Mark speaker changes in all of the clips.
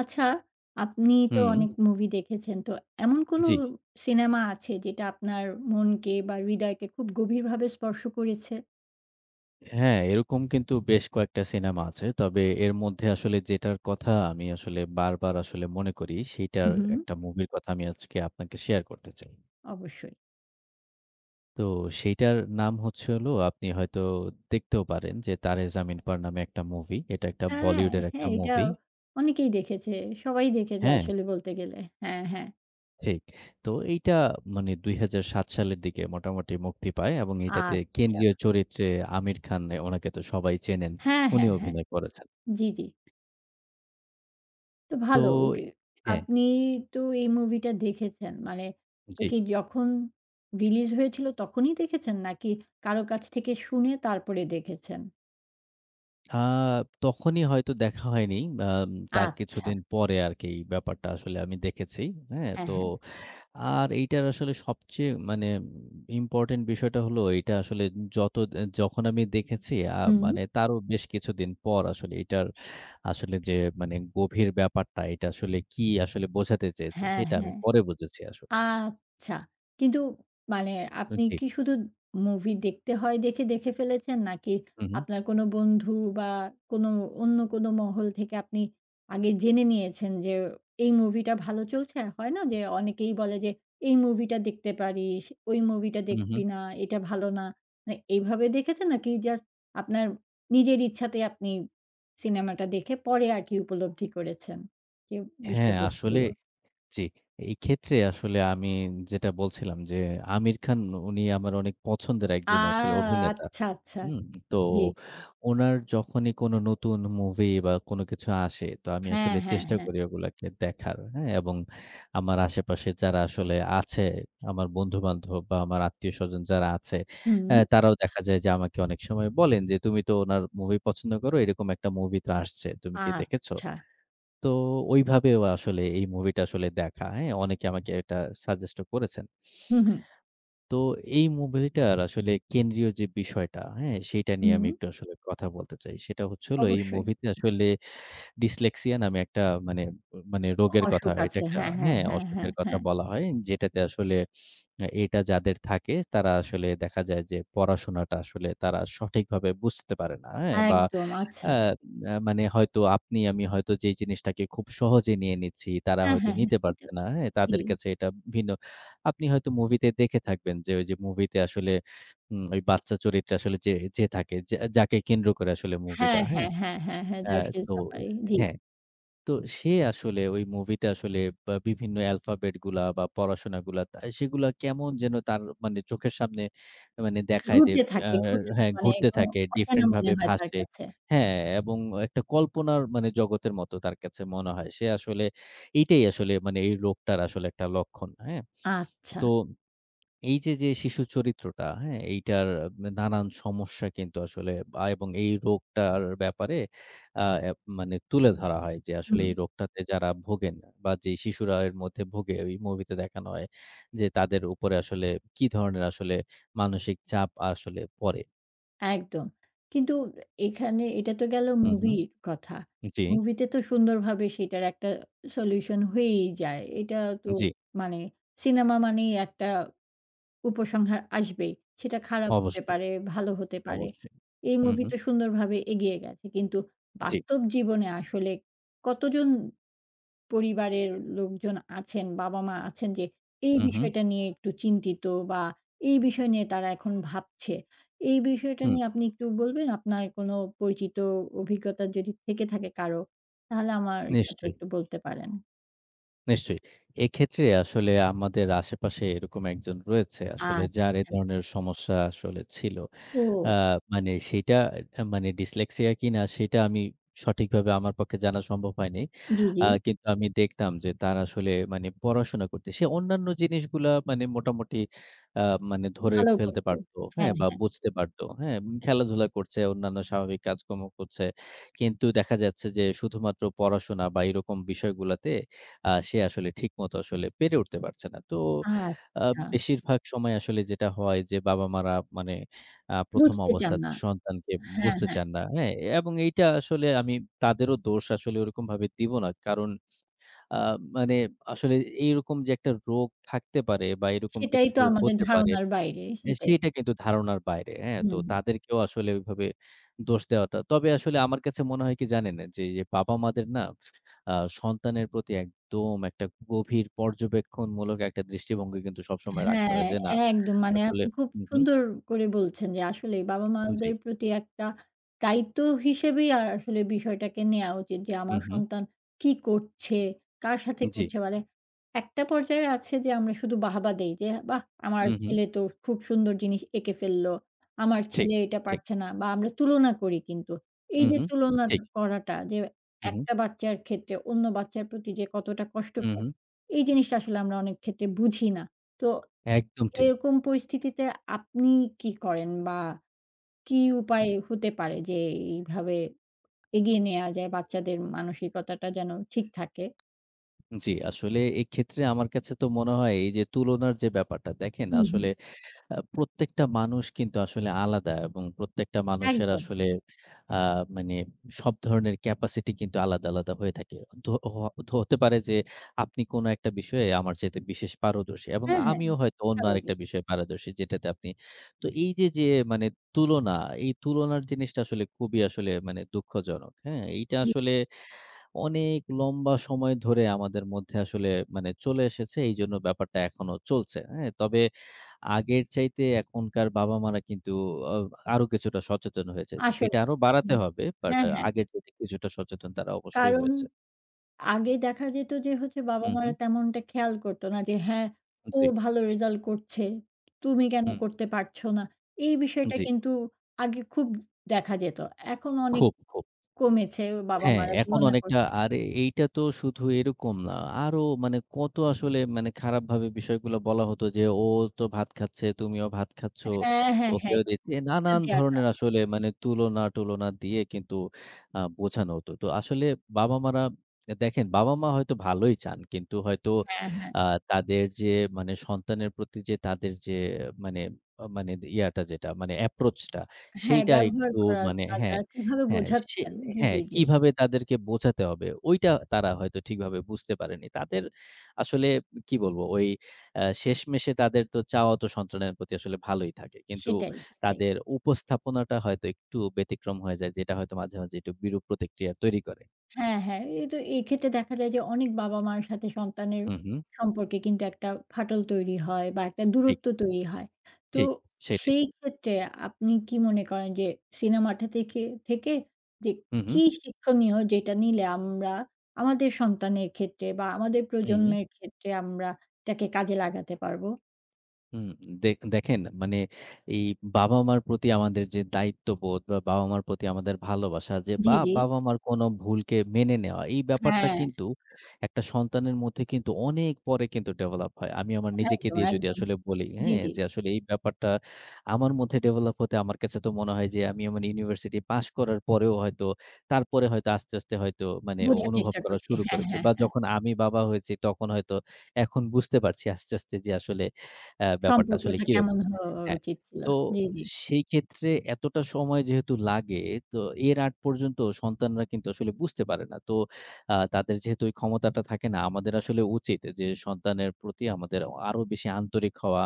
Speaker 1: আচ্ছা, আপনি তো অনেক
Speaker 2: হু।
Speaker 1: মুভি দেখেছেন। তো এমন কোনো
Speaker 2: জি।
Speaker 1: সিনেমা আছে যেটা আপনার মনকে বা, হৃদয়কে খুব গভীরভাবে স্পর্শ করেছে?
Speaker 2: হ্যাঁ। এরকম কিন্তু বেশ কয়েকটা সিনেমা আছে। তবে এর মধ্যে আসলে যেটার কথা আমি আসলে বারবার আসলে মনে করি,
Speaker 1: হু,
Speaker 2: সেটার
Speaker 1: হু।
Speaker 2: একটা মুভির কথা আমি আজকে আপনাকে শেয়ার করতে চাই।
Speaker 1: অবশ্যই।
Speaker 2: তো সেটার নাম হচ্ছে হলো আপনি হয়তো দেখতেও পারেন যে, 'তারে জামিন পার' নামে একটা মুভি। এটা একটা
Speaker 1: হ্যাঁ, হ্যাঁ,
Speaker 2: বলিউডের একটা
Speaker 1: হ্যাঁ। এটা
Speaker 2: মুভি।
Speaker 1: অনেকেই দেখেছে। সবাই দেখেছে
Speaker 2: হ্যাঁ।
Speaker 1: আসলে বলতে গেলে। হ্যাঁ, হ্যাঁ।
Speaker 2: ঠিক। তো এইটা মানে ২০০৭ সালের দিকে মোটামুটি মুক্তি পায় এবং এইটাতে
Speaker 1: আচ্ছা।
Speaker 2: কেন্দ্রীয় চরিত্রে আমির খান। এ ওনাকে তো সবাই চেনেন।
Speaker 1: হ্যাঁ,
Speaker 2: উনি
Speaker 1: হ্যাঁ, হ্যাঁ।
Speaker 2: অভিনয় করেছেন।
Speaker 1: জি, জি। তো
Speaker 2: তো
Speaker 1: ভালো। উকি
Speaker 2: হ্যাঁ।
Speaker 1: আপনি তো এই মুভিটা দেখেছেন? মানে ও
Speaker 2: জি।
Speaker 1: কি যখন রিলিজ হয়েছিল, তখনই দেখেছেন? নাকি কারো কাছ থেকে শুনে তারপরে দেখেছেন?
Speaker 2: আ তখনই হয়তো দেখা হয়নি। বাম তার কিছুদিন
Speaker 1: আচ্ছা।
Speaker 2: পরে আরকি ব্যাপারটা আসলে আমি দেখেছি। হ্যাঁ?
Speaker 1: হ্যাঁ,
Speaker 2: তো
Speaker 1: হ্যাঁ।
Speaker 2: আর এটার আসলে সবচেয়ে মানে ইম ইম্পরট্যান্ট বিষয়টা হলো এটা আসলে যত আ যখন আমি দেখেছি, আ
Speaker 1: হু।
Speaker 2: মানে তারও বেশ কিছুদিন পর আসলে এটার আসলে যে মানে গভীর ব্যাপারটা, এটা আসলে কি আসলে বোঝাতে চেয়েছে,
Speaker 1: হ্যাঁ,
Speaker 2: সেটা আমি
Speaker 1: হ্যাঁ।
Speaker 2: পরে বুঝেছি আসলে।
Speaker 1: আচ্ছা, কিন্তু মানে
Speaker 2: উ
Speaker 1: আপনি
Speaker 2: জি।
Speaker 1: কি শুধু মুভি দেখতে হয় দেখে দেখে ফেলেছেন? নাকি
Speaker 2: হু, হু।
Speaker 1: আপনার কোনো বন্ধু বা, কোনো অন্য কোনো মহল থেকে আপনি আগে জেনে নিয়েছেন? যে এই মুভিটা ভালো চলছে, হয় না? যে অনেকেই বলে যে, "এই মুভিটা দেখতে পারিস, ওই মুভিটা
Speaker 2: হু, হু।
Speaker 1: দেখবি না, এটা ভালো না।" না এইভাবে দেখেছেন? নাকি জাস্ট আপনার নিজের ইচ্ছাতেই আপনি সিনেমাটা দেখে পরে আরকি উপলব্ধি করেছেন যে
Speaker 2: হ্যাঁ, আসলে
Speaker 1: বিষয়বস্তুগুলো?
Speaker 2: জ্বি। এইক্ষেত্রে আসলে আমি যেটা বলছিলাম যে আমির খান, উনি আমার অনেক পছন্দের
Speaker 1: আ।
Speaker 2: একজন আসলে অভিনেতা।
Speaker 1: আচ্ছা, আচ্ছা,
Speaker 2: হুম? তো
Speaker 1: জি।
Speaker 2: উনার যখনই কোন নতুন মুভি বা, কোন কিছু আসে, তো আমি
Speaker 1: হ্যাঁ,
Speaker 2: আসলে
Speaker 1: হ্যাঁ,
Speaker 2: চেষ্টা
Speaker 1: হ্যাঁ।
Speaker 2: করি ওগুলাকে দেখার। হ্যাঁ? এবং আমার আশেপাশে যারা আসলে আছে আমার বন্ধু-বান্ধব বা, আমার আত্মীয়স্বজন যারা আছে, এ
Speaker 1: হু।
Speaker 2: তারাও দেখা যায় যে আমাকে অনেক সময় বলেন যে, "তুমি তো ওনার মুভি পছন্দ করো, এরকম একটা মুভি তো আসছে। তুমি কি দেখেছো?"
Speaker 1: আচ্ছা।
Speaker 2: তো ঐভাবেও আসলে এই মুভিটা আসলে দেখা। হ্যাঁ? অনেকে আমাকে এটা suggest ও করেছেন।
Speaker 1: হু, হু।
Speaker 2: তো এই মুভিটার আসলে কেন্দ্রীয় যে বিষয়টা, হ্যাঁ? সেটা নিয়ে
Speaker 1: হুম।
Speaker 2: আমি একটু আসলে কথা বলতে চাই। সেটা হচ্ছে হল এই
Speaker 1: অবশ্যই।
Speaker 2: মুভিতে আসলে ডিসলেক্সিয়া নামে একটা মানে মানে
Speaker 1: অ
Speaker 2: রোগের কথা।
Speaker 1: অসুখ
Speaker 2: এটা
Speaker 1: আছে।
Speaker 2: একটা
Speaker 1: হ্যাঁ, হ্যাঁ,
Speaker 2: হ্যাঁ?
Speaker 1: হ্যাঁ, হ্যাঁ,
Speaker 2: অসুখের কথা
Speaker 1: হ্যাঁ।
Speaker 2: বলা হয়। যেটাতে আসলে, এটা যাদের থাকে তারা আসলে দেখা যায় যে পড়াশোনাটা আসলে তারা সঠিকভাবে বুঝতে পারে না। হ্যাঁ? বা,
Speaker 1: একদম। আচ্ছা।
Speaker 2: অ্যাঁ মানে হয়তো আপনি আমি হয়তো যেই জিনিসটাকে খুব সহজে নিয়ে নিচ্ছি, তারা
Speaker 1: হ্যাঁ,
Speaker 2: হয়তো
Speaker 1: হ্যাঁ, হ্যাঁ।
Speaker 2: নিতে
Speaker 1: এটা
Speaker 2: পারছে না। হ্যাঁ?
Speaker 1: জি।
Speaker 2: তাদের কাছে এটা ভিন্ন। আপনি হয়তো মুভিতে দেখে থাকবেন যে, ওইযে মুভিতে আসলে উম ওই বাচ্চা চরিত্র আসলে যে যে থাকে, যা যাকে কেন্দ্র করে আসলে
Speaker 1: হ্যাঁ,
Speaker 2: মুভিটা, হ্যাঁ?
Speaker 1: হ্যাঁ, হ্যাঁ, হ্যাঁ, হ্যাঁ,
Speaker 2: অ্যা
Speaker 1: [unintelligible]
Speaker 2: তো
Speaker 1: ব্যাপারে জি।
Speaker 2: হ্যাঁ। তো সে আসলে ওই মুভিটা আসলে বা বিভিন্ন alphabet গুলা বা, পড়াশোনাগুলা, তা সেগুলো কেমন যেন তার মানে চোখের সামনে মানে দেখায় যে
Speaker 1: ঘুরতে
Speaker 2: আ
Speaker 1: থাকে, ঘুরতে থাকে।
Speaker 2: হ্যাঁ,
Speaker 1: মানে
Speaker 2: ঘুরতে
Speaker 1: একদম
Speaker 2: থাকে
Speaker 1: অচেনা
Speaker 2: ডিফরেন্ট
Speaker 1: মনে
Speaker 2: ভাবে
Speaker 1: হয় তার
Speaker 2: ভাসে।
Speaker 1: কাছে।
Speaker 2: হ্যাঁ, এবং একটা কল্পনার মানে জগতের মতো তার কাছে মনে হয়। সে আসলে এটাই আসলে মানে এই লোকটার আসলে একটা লক্ষণ। হ্যাঁ,
Speaker 1: আচ্ছা।
Speaker 2: তো এইযে যে শিশুর চরিত্রটা, হ্যাঁ? এইটার দা নানান সমস্যা কিন্তু আসলে বা এবং এই রোগটার ব্যাপারে অ্যাঁ মানে তুলে ধরা হয় যে, আসলে
Speaker 1: হুম।
Speaker 2: এই রোগটাতে যারা ভোগেন বা, যে শিশুরা এর মধ্যে ভোগে, ঐ মুভিতে দেখানো হয়। যে তাদের উপরে আসলে কি ধরনের আসলে মানসিক চাপ আসলে পড়ে।
Speaker 1: একদম। কিন্তু এখানে এটা তো গেলো
Speaker 2: হু, হুম।
Speaker 1: মুভির কথা।
Speaker 2: জি।
Speaker 1: মুভিতে তো সুন্দরভাবে সেটার একটা solution হয়েই যায়। এটা তো
Speaker 2: জি।
Speaker 1: মানে সিনেমা মানেই একটা উপসংহার আসবেই। সেটা খারাপ হতে
Speaker 2: অবশ্যই।
Speaker 1: পারে, ভালো হতে পারে।
Speaker 2: অবশ্যই।
Speaker 1: এই
Speaker 2: হুঁ,
Speaker 1: মুভি
Speaker 2: হুঁ।
Speaker 1: তো সুন্দরভাবে এগিয়ে গেছে। কিন্তু
Speaker 2: জি।
Speaker 1: বাস্তব জীবনে আসলে কতজন পরিবারের লোকজন আছেন, বাবা-মা আছেন যে, এই
Speaker 2: হু, হুম।
Speaker 1: বিষয়টা নিয়ে একটু চিন্তিত বা, এই বিষয় নিয়ে তারা এখন ভাবছে? এই বিষয়টা
Speaker 2: হুঁ।
Speaker 1: নিয়ে আপনি একটু বলবেন আপনার কোনো পরিচিত অ অভিজ্ঞতা যদি থেকে থাকে কারো? তাহলে আমার সাথে
Speaker 2: নিশ্চয়ই।
Speaker 1: একটু বলতে পারেন।
Speaker 2: নিশ্চয়ই। এক্ষেত্রে আসলে আমাদের আশেপাশে এরকম একজন রয়েছে। আসলে যার এ
Speaker 1: আচ্ছা।
Speaker 2: ধরনের সমস্যা আসলে ছিল। অ্যা
Speaker 1: ও।
Speaker 2: মানে সেটা এ মানে ডিসলেক্সিয়া কিনা সেটা আমি সঠিকভাবে আমার পক্ষে জানা সম্ভব হয়নি।
Speaker 1: জি, জি।
Speaker 2: আ কিন্তু আমি দেখতাম যে, তার আসলে মানে পড়াশোনা করতে সে অন্যান্য জিনিসগুলা মানে মোটামুটি আ মানে ধরে
Speaker 1: ভালো
Speaker 2: ফেলতে
Speaker 1: করতো।
Speaker 2: পারতো, হ্যাঁ?
Speaker 1: হ্যাঁ,
Speaker 2: বা,
Speaker 1: হ্যাঁ।
Speaker 2: বুঝতে পারতো, হ্যাঁ? খেলাধুলা করছে, অন্যান্য স্বাভাবিক কাজকর্ম করছে। কিন্তু দেখা যাচ্ছে যে, শুধুমাত্র পড়াশোনা বা, এরকম বিষয়গুলোতে আ সে আসলে ঠিকমত আসলে পেরে উঠতে পারছে না। তো আ
Speaker 1: আচ্ছা।
Speaker 2: বেশিরভাগ সময় আসলে যেটা হয় যে। বাবা-মারা মানে আ ১ম
Speaker 1: বুঝতে চান
Speaker 2: অবস্থায়
Speaker 1: না।
Speaker 2: সন্তানকে
Speaker 1: হ্যাঁ,
Speaker 2: বুঝতে
Speaker 1: হ্যাঁ।
Speaker 2: চান না। হ্যাঁ? এবং এইটা আসলে আমি তাদেরও দোষ আসলে ওরকমভাবে দিব না। কারণ আ মানে আসলে এ এইরকম যে, একটা রোগ থাকতে পারে বা, এরকম
Speaker 1: সেটাই
Speaker 2: কিছু
Speaker 1: তো
Speaker 2: যে,
Speaker 1: আমাদের
Speaker 2: হতে পারে,
Speaker 1: ধারণার বাইরে।
Speaker 2: এ
Speaker 1: সেটাই।
Speaker 2: সেটা কিন্তু ধারণার বাইরে। হ্যাঁ? তো
Speaker 1: হুম।
Speaker 2: তাদেরকেও আসলে ঐভাবে দোষ দেওয়াটা তবে আসলে আমার কাছে মনে হয় কি জানেন? না যে, বাবা-মাদের না আ সন্তানের প্রতি একদম একটা গভীর পর্যবেক্ষণমূলক একটা দৃষ্টিভঙ্গি কিন্তু সবসময় রাখতে
Speaker 1: হ্যাঁ।
Speaker 2: হয়, যে, না
Speaker 1: একদম। মানে
Speaker 2: আসলে
Speaker 1: আপনি খুব
Speaker 2: হু, হুম।
Speaker 1: সুন্দর করে বলছেন যে, আসলে বাবা-মাদের
Speaker 2: জি।
Speaker 1: প্রতি একটা দায়িত্ব হিসেবেই আ আসলে বিষয়টাকে নেয়া উচিত। যে,
Speaker 2: হু,
Speaker 1: আমার
Speaker 2: হুম।
Speaker 1: সন্তান কী করছে, কার সাথে
Speaker 2: জি।
Speaker 1: করছে। মানে একটা পর্যায়ে আছে যে, আমরা শুধু বাহবা দেই। যে, বাহ! আমার
Speaker 2: হু, হুম।
Speaker 1: ছেলে তো খু খুব সুন্দর জিনিস এঁকে ফেললো। আমার
Speaker 2: ঠিক,
Speaker 1: ছেলে এটা
Speaker 2: ঠিক।
Speaker 1: পারছে না বা, আমরা তুলনা করি কিন্তু।
Speaker 2: হুম,
Speaker 1: এইযে
Speaker 2: হুম।
Speaker 1: তুলনা
Speaker 2: ঠিক।
Speaker 1: করাটা যে,
Speaker 2: হু, হুম।
Speaker 1: একটা বাচ্চার ক্ষেত্রে অন্য বাচ্চার প্রতি যে, কতটা
Speaker 2: হু,
Speaker 1: কষ্টকর,
Speaker 2: হুম।
Speaker 1: এই জিনিসটা আসলে আমরা অনেকক্ষেত্রে বুঝি না। তো
Speaker 2: একদম ঠিক।
Speaker 1: এরকম পরিস্থিতিতে আপনি কি করেন? বা, কি উপায়
Speaker 2: হুম।
Speaker 1: হতে পারে যে, এইভাবে এগিয়ে নেয়া যায়? বাচ্চাদের মানসিকতাটা যেন ঠিক থাকে।
Speaker 2: জি, আসলে এইক্ষেত্রে আমার কাছে তো মনে হয় এইযে তুলনার যে, ব্যাপারটা দেখেন
Speaker 1: হু, হুম।
Speaker 2: আসলে আ প্রত্যেকটা মানুষ কিন্তু আসলে আলাদা এবং প্রত্যেকটা মানুষের
Speaker 1: একদম।
Speaker 2: আসলে আ মানে সব ধরনের capacity কিন্তু আলাদা, আলাদা হয়ে থাকে। তো হ হতে পারে যে, আপনি কোন একটা বিষয়ে আমার চাইতে বিশেষ পারদর্শ। এবং
Speaker 1: হ্যাঁ, হ্যাঁ।
Speaker 2: আমিও হয়তো অন্য
Speaker 1: স্বাভাবিক।
Speaker 2: আরেকটা বিষয়ে পারদর্শী। যেটাতে আপনি তো এইযে যে, তুলনা, এই তুলনার জিনিসটা আসলে খুবই আসলে মানে দুঃখজনক। হ্যাঁ? এইটা
Speaker 1: জি।
Speaker 2: আসলে অনেক লম্বা সময় ধরে আমাদের মধ্যে আসলে মানে চলে এসেছে। এইজন্য ব্যাপারটা এখনো চলছে। হ্যাঁ? তবে আগের চাইতে এখনকার বাবা-মারা কিন্তু ও আরো কিছুটা সচেতন হয়েছে।
Speaker 1: আসলেই।
Speaker 2: এটা আরো বাড়াতে
Speaker 1: হুম।
Speaker 2: হবে। বাট
Speaker 1: হ্যাঁ,
Speaker 2: আ
Speaker 1: হ্যাঁ।
Speaker 2: আগের চাইতে কিছুটা সচেতন তারা অবশ্যই
Speaker 1: কারণ,
Speaker 2: হয়েছে।
Speaker 1: আগে দেখা যেত যে, হচ্ছে
Speaker 2: হুঁ, হুঁ।
Speaker 1: বাবা-মারা তেমনটা খেয়াল করতো না যে, হ্যাঁ,
Speaker 2: উ
Speaker 1: "ও
Speaker 2: জি।
Speaker 1: ভালো রেজাল্ট করছে। তুমি কেন
Speaker 2: হুম।
Speaker 1: করতে পারছো না?" এই বিষয়টা
Speaker 2: জি।
Speaker 1: কিন্তু আগে খুব দেখা যেত। এখন অনেক
Speaker 2: খুব, খুব।
Speaker 1: কমেছে,
Speaker 2: হ্যাঁ,
Speaker 1: বাবা-মারা
Speaker 2: এখন
Speaker 1: তুলনা
Speaker 2: অনেকটা।
Speaker 1: করছে।
Speaker 2: আর এইটা তো শুধু এরকম না। আরো মানে কত আসলে মানে খারাপভাবে বিষয়গুলো বলা হতো যে, "ও তো ভাত খাচ্ছে, তুমিও ভাত খাচ্ছ।"
Speaker 1: হ্যাঁ, হ্যাঁ, হ্যাঁ।
Speaker 2: [unintelligible]
Speaker 1: খোটা
Speaker 2: নানান
Speaker 1: দেয়াটা।
Speaker 2: ধরণের আসলে
Speaker 1: ই
Speaker 2: মানে তুলনা-টুলনা দিয়ে কিন্তু আ বোঝানো হতো। তো আসলে বাবা-মারা দেখেন, বাবা-মা হয়তো ভালোই চান। কিন্তু হয়তো
Speaker 1: হ্যাঁ, হ্যাঁ।
Speaker 2: আ তাদের যে, মানে সন্তানের প্রতি যে, তাদের যে, মানে আ মানে ইয়া টা যেটা, মানে approach টা,
Speaker 1: হ্যাঁ,
Speaker 2: সেইটা
Speaker 1: ব্যবহার
Speaker 2: একটু মানে
Speaker 1: করাটা।
Speaker 2: হ্যাঁ,
Speaker 1: কিভাবে
Speaker 2: হ্যাঁ। সে
Speaker 1: বোঝাচ্ছেন? জি, জি,
Speaker 2: হ্যাঁ,
Speaker 1: জি।
Speaker 2: কিভাবে তাদেরকে বোঝাতে হবে। ঐটা তারা হয়তো ঠিকভাবে বুঝতে পারেনি। তাদের আসলে কি বলবো? ওই আ শেষমেষে তাদের তো চাওয়া তো সন্তানের প্রতি আসলে ভালোই থাকে। কিন্তু
Speaker 1: সেটাই, সেটাই।
Speaker 2: তাদের উপস্থাপনাটা হয়তো একটু ব্যতিক্রম হয়ে যায়। যেটা হয়তো মাঝে, মাঝে একটু বিরূপ প্রতিক্রিয়া তৈরি করে।
Speaker 1: হ্যাঁ, হ্যাঁ। এই তো এক্ষেত্রে দেখা যায় যে, অনেক বাবা-মার সাথে সন্তানের
Speaker 2: হু, হুম।
Speaker 1: সম্পর্কে কিন্তু একটা ফাটল তৈরি হয়। বা, একটা
Speaker 2: জি।
Speaker 1: দূরত্ব তৈরি হয়। তো
Speaker 2: জি। সেটাই।
Speaker 1: সেইক্ষেত্রে আপনি কী মনে করেন যে, সিনেমাটা থেকে, থেকে যে,
Speaker 2: হু,
Speaker 1: কী
Speaker 2: হুম।
Speaker 1: শিক্ষণীয়? যেটা নিলে আমরা আমাদের সন্তানের ক্ষেত্রে বা, আমাদের
Speaker 2: হুম।
Speaker 1: প্রজন্মের ক্ষেত্রে আমরা এটাকে কাজে লাগাতে পারবো?
Speaker 2: হুম। দেখ দেখেন মানে এই বাবা-মার প্রতি আমাদের যে দায়িত্ববোধ বা, বাবা-মার প্রতি আমাদের ভালোবাসা যে
Speaker 1: জি,
Speaker 2: বা,
Speaker 1: জি।
Speaker 2: বাবা-মার কোন ভুলকে মেনে নেওয়া, এই ব্যাপারটা
Speaker 1: হ্যাঁ।
Speaker 2: কিন্তু একটা সন্তানের মধ্যে কিন্তু অনেক পরে কিন্তু ডেভেলপ হয়। আমি আমার নিজেকে
Speaker 1: একদম,
Speaker 2: দিয়ে যদি
Speaker 1: একদম।
Speaker 2: আসলে বলি,
Speaker 1: জি,
Speaker 2: হ্যাঁ?
Speaker 1: জি।
Speaker 2: যে আসলে এই ব্যাপারটা আমার মধ্যে ডেভেলপ হতে আমার কাছে তো মনে হয় যে, আমি আমার ইউনিভার্সিটি পাস করার পরেও হয়তো, তারপরে হয়তো আস্তে, আস্তে হয়তো মানে অ
Speaker 1: বোঝার
Speaker 2: অনুভব
Speaker 1: চেষ্টা
Speaker 2: করা
Speaker 1: করছি।
Speaker 2: শুরু
Speaker 1: হ্যাঁ,
Speaker 2: করেছি।
Speaker 1: হ্যাঁ,
Speaker 2: বা,
Speaker 1: হ্যাঁ।
Speaker 2: যখন আমি বাবা হয়েছি, তখন হয়তো এখন বুঝতে পারছি আস্তে, আস্তে যে আসলে ব্যাপারটা আসলে
Speaker 1: সম্পর্কটা কেমন
Speaker 2: কিরকম।
Speaker 1: হওয়া আ
Speaker 2: হ্যাঁ,
Speaker 1: উচিত ছিল।
Speaker 2: তো
Speaker 1: জি, জি।
Speaker 2: সেইক্ষেত্রে এতটা সময় যেহেতু লাগে, তো এর আগ পর্যন্ত সন্তানরা কিন্তু আসলে বুঝতে পারে না। তো আ তাদের যেহেতু ওই ক্ষমতাটা থাকে না, আমাদের আসলে উচিত এ যে সন্তানের প্রতি আমাদের অ আরো বেশি আন্তরিক হওয়া।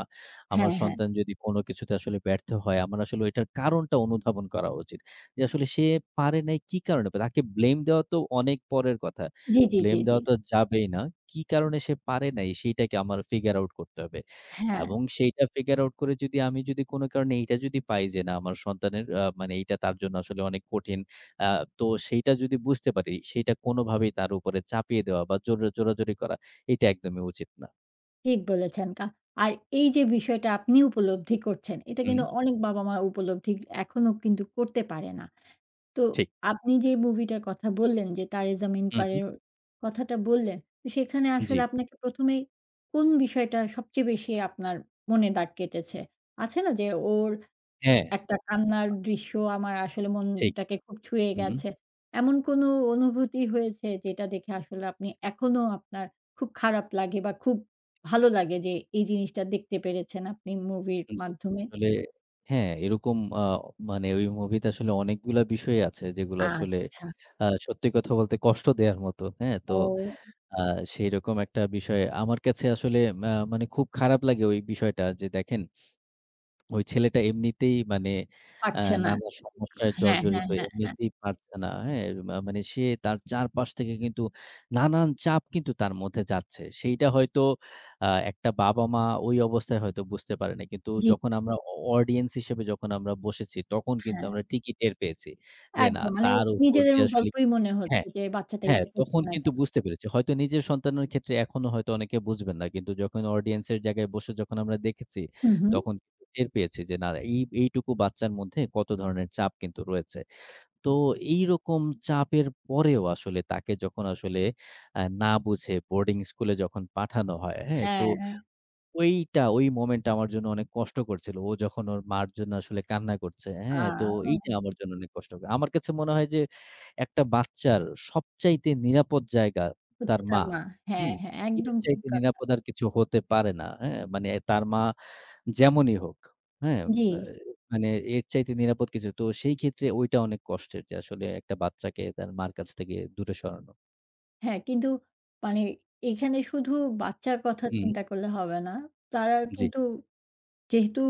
Speaker 2: আমার
Speaker 1: হ্যাঁ, হ্যাঁ।
Speaker 2: সন্তান যদি কোন কিছুতে আসলে ব্যর্থ হয়, আমার আসলে ওইটার কারণটা অনুধাবন করা উচিত। যে আসলে সে পারে নাই কি কারণে? বা তাকে blame দেওয়া তো অনেক পরের কথা।
Speaker 1: জি, জি, জি,
Speaker 2: Blame
Speaker 1: জি।
Speaker 2: দেওয়া তো যাবেই না। কি কারণে সে পারে নাই, সেটাকে আমার figure out করতে হবে।
Speaker 1: হ্যাঁ।
Speaker 2: এবং সেইটা figure out করে যদি আমি যদি কোন কারণে এইটা যদি পাই যে, না, আমার সন্তানের আ মানে এইটা তার জন্য আসলে অনেক কঠিন। আ তো সেইটা যদি বুঝতে পারি, সেইটা কোনোভাবেই তার উপরে চাপিয়ে দেওয়া বা, জোরা জোরাজুরি করা, এটা একদমই উচিত না।
Speaker 1: ঠিক বলেছেন। কা আর এইযে বিষয়টা আপনি উপলব্ধি করছেন, এটা কিন্তু
Speaker 2: হু।
Speaker 1: অনেক বাবা-মা উপলব্ধি এখনো কিন্তু করতে পারে না। তো
Speaker 2: ঠিক।
Speaker 1: আপনি যে মুভিটার কথা বললেন যে, 'তারে জামিন
Speaker 2: হু,
Speaker 1: পার'
Speaker 2: হু।
Speaker 1: এর কথাটা বললেন। ত সেখানে আসলে
Speaker 2: জি।
Speaker 1: আপনাকে ১ম এই কোন বিষয়টা সবচেয়ে বেশি আপনার মনে দাগ কেটেছে? আছে না? যে ওর
Speaker 2: হ্যাঁ।
Speaker 1: একটা কান্নার
Speaker 2: আ
Speaker 1: দৃশ্য আমার আসলে
Speaker 2: ঠিক।
Speaker 1: মনটাকে খুব ছুঁয়ে
Speaker 2: হু, হুম।
Speaker 1: গেছে। এমন কোনো অনুভূতি হয়েছে, যেটা দেখে আসলে আপনি এখনও আপনার খুব খারাপ লাগে বা, খুব ভালো লাগে যে, এই জিনিসটা দেখতে পেরেছেন আপনি মুভির
Speaker 2: আন জি।
Speaker 1: মাধ্যমে?
Speaker 2: আসলে হ্যাঁ, এরকম আ মানে ওই মুভিতে আসলে অনেকগুলা বিষয়ই আছে, যেগুলো আসলে
Speaker 1: আচ্ছা।
Speaker 2: আ সত্যি কথা বলতে কষ্ট দেয়ার মতো। হ্যাঁ? তো
Speaker 1: ও।
Speaker 2: আ সেইরকম একটা বিষয় আমার কাছে আসলে ম্যা মানে খুব খারাপ লাগে ওই বিষয়টা। যে দেখেন ওই ছেলেটা এমনিতেই মানে, আ
Speaker 1: পারছে না।
Speaker 2: নানা সমস্যায়
Speaker 1: হ্যাঁ, হ্যাঁ,
Speaker 2: জর্জরিত,
Speaker 1: হ্যাঁ, হ্যাঁ।
Speaker 2: এমনিতেই পারছে না। হ্যাঁ? মা মানে সে তার চারপাশ থেকে কিন্তু নানান চাপ কিন্তু তার মধ্যে যাচ্ছে। সেইটা হয়তো আ একটা বাবা-মা ওই অবস্থায় হয়তো বুঝতে পারে নাই। কিন্তু
Speaker 1: জি।
Speaker 2: যখন আমরা অ audience হিসাবে যখন আমরা বসেছি, তখন কিন্তু
Speaker 1: হ্যাঁ।
Speaker 2: আমরা ঠিকই টের পেয়েছি। যে, না,
Speaker 1: একদম। মানে
Speaker 2: তার উপর
Speaker 1: নিজেদের
Speaker 2: দিয়ে আসলে
Speaker 1: গল্পই মনে হচ্ছে।
Speaker 2: হ্যাঁ।
Speaker 1: যে, বাচ্চাটা
Speaker 2: হ্যাঁ,
Speaker 1: এটা করছে
Speaker 2: তখন
Speaker 1: না
Speaker 2: কিন্তু
Speaker 1: কেন?
Speaker 2: বুঝতে পেরেছি। হয়তো নিজের সন্তানের ক্ষেত্রে এখনো হয়তো অনেকে বুঝবেন না। কিন্তু যখন audience এর জায়গায় বসে যখন আমরা দেখেছি,
Speaker 1: হু, হু।
Speaker 2: তখন টের পেয়েছি যে, না, ঐ ঐটুকু বাচ্চার মধ্যে কত ধরনের চাপ কিন্তু রয়েছে। তো এইরকম চাপের পরেও আসলে তাকে যখন আসলে আ না বুঝে বোর্ডিং স্কুলে যখন পাঠানো হয়। হ্যাঁ? তো
Speaker 1: হ্যাঁ, এ
Speaker 2: ঐটা ঐ moment টা আমার জন্য অনেক কষ্টকর ছিল। ও যখন ওর মার জন্য আসলে কান্না করছে।
Speaker 1: আ।
Speaker 2: হ্যাঁ? তো এইটা আমার জন্য অনেক কষ্টকর। আমার কাছে মনে হয় যে, একটা বাচ্চার সবচাইতে নিরাপদ জায়গা,
Speaker 1: হচ্ছে
Speaker 2: তার মা।
Speaker 1: তার মা। হ্যাঁ,
Speaker 2: হুম?
Speaker 1: হ্যাঁ।
Speaker 2: এর
Speaker 1: একদম ঠিক
Speaker 2: চাইতে
Speaker 1: কথা।
Speaker 2: নিরাপদ আর কিছু হতে পারে না। হ্যাঁ? মানে
Speaker 1: হু।
Speaker 2: তার মা যেমনই হোক, হ্যাঁ? বা
Speaker 1: জি।
Speaker 2: মানে এর চাইতে নিরাপদ কিছু তো সেইক্ষেত্রে ঐটা অনেক কষ্টের। যে আসলে একটা বাচ্চাকে তার মার কাছ থেকে দূরে সরানো।
Speaker 1: হ্যাঁ, কিন্তু মানে এখানে শুধু বাচ্চার কথা
Speaker 2: হুম।
Speaker 1: চিন্তা করলে হবে না। তারা
Speaker 2: জি।
Speaker 1: কিন্তু যেহেতু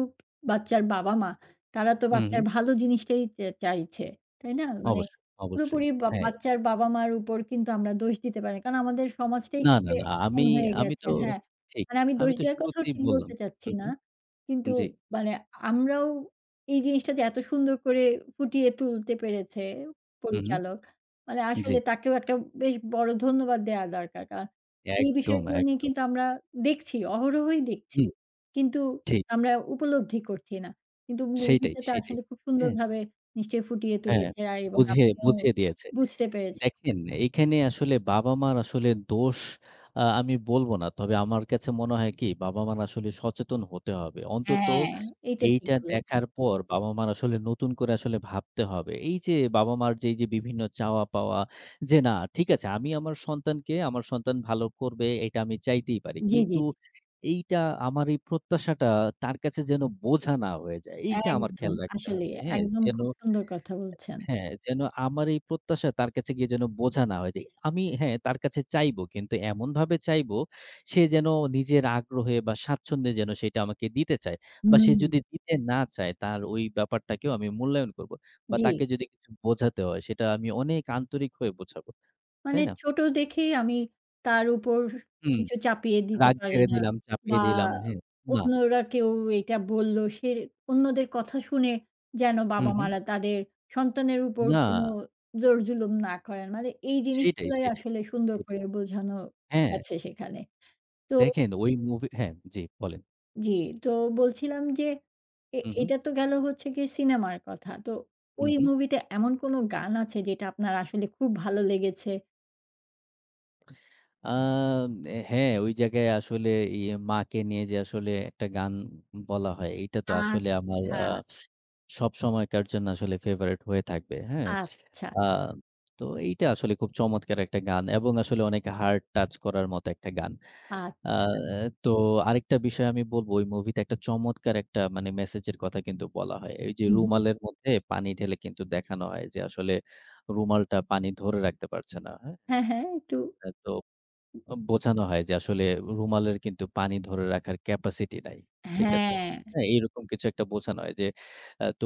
Speaker 1: বাচ্চার বাবা-মা, তারা তো
Speaker 2: হু,
Speaker 1: বাচ্চার
Speaker 2: হু।
Speaker 1: ভালো জিনিসটাই চা চাইছে। তাই না? মানে
Speaker 2: অবশ্যই, অবশ্যই।
Speaker 1: পুরোপুরি বা
Speaker 2: হ্যাঁ।
Speaker 1: বাচ্চার বাবা-মার উপর কিন্তু আমরা দোষ দিতে পারি না। কারণ, আমাদের সমাজটাই
Speaker 2: না, না,
Speaker 1: কিন্তু
Speaker 2: না। আমি,
Speaker 1: এমন হয়ে
Speaker 2: আমি
Speaker 1: গেছে
Speaker 2: তো
Speaker 1: হ্যাঁ।
Speaker 2: ঠিক।
Speaker 1: মানে আমি
Speaker 2: আমি
Speaker 1: দোষ
Speaker 2: তো
Speaker 1: দেওয়ার কথাও
Speaker 2: শুরুতেই
Speaker 1: ঠিক
Speaker 2: বললাম
Speaker 1: বলতে চাচ্ছি
Speaker 2: হু,
Speaker 1: না।
Speaker 2: হু
Speaker 1: কিন্তু
Speaker 2: জি।
Speaker 1: মানে আমরাও এই জিনিসটা যে এত সুন্দর করে ফুটিয়ে তুলতে পেরেছে,
Speaker 2: হু, হু
Speaker 1: পরিচালক মানে
Speaker 2: জি।
Speaker 1: আসলে তাকেও একটা বেশ বড় ধন্যবাদ দেওয়া দরকার। কারণ, এই
Speaker 2: একদম,
Speaker 1: বিষয়গুলা নিয়ে
Speaker 2: একদম।
Speaker 1: কিন্তু আমরা দেখছি অহরহই দেখছি
Speaker 2: হু,
Speaker 1: কিন্তু
Speaker 2: ঠিক।
Speaker 1: আমরা উপলব্ধি করছি না কিন্তু
Speaker 2: সেইটাই,
Speaker 1: মুভিটাতে
Speaker 2: সেটাই।
Speaker 1: আসলে খুব
Speaker 2: হ্যাঁ।
Speaker 1: সুন্দরভাবে নিশ্চয়ই ফুটিয়ে
Speaker 2: অ্যা
Speaker 1: তুলেছে, আ এবং
Speaker 2: বুঝিয়ে,
Speaker 1: আপনিও
Speaker 2: বুঝিয়ে দিয়েছে।
Speaker 1: বুঝতে পেরেছি।
Speaker 2: দেখেন, এখানে আসলে বাবা-মার আসলে দোষ আ আমি বলব না। তবে আমার কাছে মনে হয় কি বাবা-মার আসলে সচেতন হতে হবে।
Speaker 1: অ্যা
Speaker 2: অন্তত
Speaker 1: এইটা ঠিক
Speaker 2: এইটা
Speaker 1: বলেছেন।
Speaker 2: দেখার পর বাবা-মার আসলে নতুন করে আসলে ভাবতে হবে। এই যে বাবা-মার যেই যে বিভিন্ন চাওয়া পাওয়া, যে না ঠিক আছে আমি আমার সন্তানকে, আমার সন্তান ভালো করবে, এটা আমি চাইতেই পারি।
Speaker 1: জি, জি।
Speaker 2: কিন্তু এইটা আমার এই প্রত্যাশাটা তার কাছে যেন বোঝা না হয়ে যায়। এইটা আমার
Speaker 1: একদম।
Speaker 2: খেয়াল রাখতে
Speaker 1: আসলেই,
Speaker 2: হবে। হ্যাঁ?
Speaker 1: একদম
Speaker 2: যেন
Speaker 1: খুব সুন্দর কথা বলছেন।
Speaker 2: হ্যাঁ, যেন আমার এই প্রত্যাশা তার কাছে গিয়ে যেন বোঝা না হয়ে যাই। আমি হ্যাঁ, তার কাছে চাইবো কিন্তু এমনভাবে চাইবো, সে যেন নিজের আগ্রহে বা স্বাচ্ছন্দ্যে যেন সেটা আমাকে দিতে চায়। বা সে
Speaker 1: হুম।
Speaker 2: যদি দিতে না চায়, তার ওই ব্যাপারটাকেও আমি মূল্যায়ন করবো। বা
Speaker 1: জি।
Speaker 2: তাকে যদি কিছু বোঝাতে হয় সেটা আমি অনেক আন্তরিক হয়ে বোঝাবো।
Speaker 1: মানে
Speaker 2: তাই না?
Speaker 1: ছোটো দেখেই আমি তার উপর
Speaker 2: হুম।
Speaker 1: কিছু চাপিয়ে দিতে
Speaker 2: রাগ
Speaker 1: পারি
Speaker 2: ঝেড়ে
Speaker 1: না
Speaker 2: দিলাম,
Speaker 1: বা
Speaker 2: চাপিয়ে দিলাম, হ্যাঁ, না।
Speaker 1: অন্যরা কেউ এইটা বললো সে অন্যদের কথা শুনে যেন
Speaker 2: হুম, হু।
Speaker 1: বাবা-মারা তাদের সন্তানের উপর কোনো
Speaker 2: না।
Speaker 1: জোর-জুলুম না করেন। মানে এই
Speaker 2: সেটাই,
Speaker 1: জিনিসগুলাই
Speaker 2: সেটাই,
Speaker 1: আসলে
Speaker 2: সেটাই,
Speaker 1: সুন্দর
Speaker 2: সেটাই।
Speaker 1: করে বোঝানো
Speaker 2: হ্যাঁ।
Speaker 1: গেছে। সেখানে তো
Speaker 2: দেখেন, ওই মুভি হ্যাঁ, জি, বলেন।
Speaker 1: জ্বি। তো বলছিলাম যে এ
Speaker 2: হু, হু।
Speaker 1: এটা তো গেল হচ্ছে গিয়ে সিনেমার কথা। তো
Speaker 2: হু,
Speaker 1: ওই
Speaker 2: হু।
Speaker 1: মুভিতে এমন কোনো গান আছে? যেটা আপনার আসলে খুব ভালো লেগেছে।
Speaker 2: আ ম্নে হ্যাঁ, ওই জায়গায় আসলে ইয়ে মাকে নিয়ে যে আসলে একটা গান বলা হয়। এইটা তো আসলে আমার আ
Speaker 1: আচ্ছা।
Speaker 2: সবসময়কার জন্য আসলে favourite হয়ে থাকবে। হ্যাঁ।
Speaker 1: আচ্ছা।
Speaker 2: আ তো এইটা আসলে খুব চমৎকার একটা গান এবং আসলে অনেক হার্ট টাচ করার মতো একটা গান। আ
Speaker 1: আচ্ছা।
Speaker 2: এ তো আরেকটা বিষয় আমি বলবো, ওই মুভিতে একটা চমৎকার একটা মানে একটা মেসেজের কথা কিন্তু বলা হয়। এইযে
Speaker 1: হু, হু।
Speaker 2: রুমালের মধ্যে পানি ঢেলে কিন্তু দেখানো হয় যে আসলে রুমালটা পানি ধরে রাখতে পারছে না। হ্যাঁ?
Speaker 1: হ্যাঁ, হ্যাঁ। একটু
Speaker 2: অ্যা তো অ বোঝানো হয় যে আসলে রুমালের কিন্তু পানি ধরে রাখার capacity নাই। ঠিক আছে?
Speaker 1: হ্যাঁ।
Speaker 2: হ্যাঁ, এরকম কিছু একটা বোঝানো হয় যে, অ্যা তো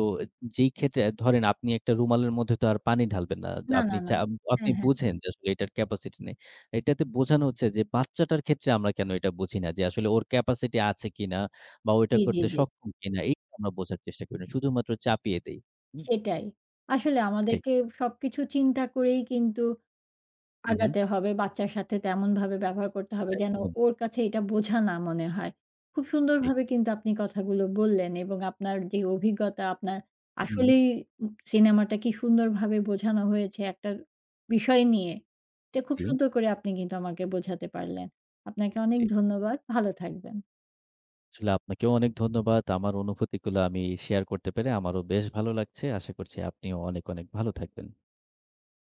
Speaker 2: যেইক্ষেত্রে আ ধরেন আপনি একটা রুমালের মধ্যে তো আর পানি ঢালবেন না। য
Speaker 1: না, না,
Speaker 2: আপনি
Speaker 1: না।
Speaker 2: চা আপনি
Speaker 1: হ্যাঁ, হ্যাঁ।
Speaker 2: বুঝেন যে আসলে এটার capacity নেই। এটাতে বোঝানো হচ্ছে যে বাচ্চাটার ক্ষেত্রে আমরা কেন এটা বুঝি না? যে আসলে ওর capacity আছে কিনা বা, ও এটা
Speaker 1: জ্বি, জ্বি,
Speaker 2: করতে
Speaker 1: জ্বি।
Speaker 2: সক্ষম কিনা? এই কেন আমরা বোঝার চেষ্টা করি না। শুধুমাত্র চাপিয়ে দেই। হু?
Speaker 1: সেটাই। আসলে
Speaker 2: ঠিক।
Speaker 1: আমাদেরকে সবকিছু চিন্তা করেই কিন্তু
Speaker 2: হুম, হু।
Speaker 1: আগাতে হবে। বাচ্চার সাথে তেমনভাবে ব্যবহার করতে হবে, যেন
Speaker 2: একদম।
Speaker 1: ওর কাছে এটা বোঝা না মনে হয়। খুব
Speaker 2: ঠিক।
Speaker 1: সুন্দরভাবে কিন্তু আপনি কথাগুলো বললেন এবং আপনার যে অভিজ্ঞতা, আপনার
Speaker 2: হু, উম
Speaker 1: আসলেই উ সিনেমাটা কী সুন্দরভাবে বোঝানো হয়েছে একটা বিষয় নিয়ে। এটা খুব
Speaker 2: জ্বি।
Speaker 1: সুন্দর করে আপনি কিন্তু আমাকে বোঝাতে পারলেন। আপনাকে অনেক
Speaker 2: জ্বি।
Speaker 1: ধন্যবাদ। ভালো থাকবেন।
Speaker 2: আসলে আপনাকেও অনেক ধন্যবাদ। আমার অনুভূতিগুলো আমি শেয়ার করতে পেরে আমারও বেশ ভালো লাগছে। আশা করছি আপনিও অনেক, অনেক ভালো থাকবেন।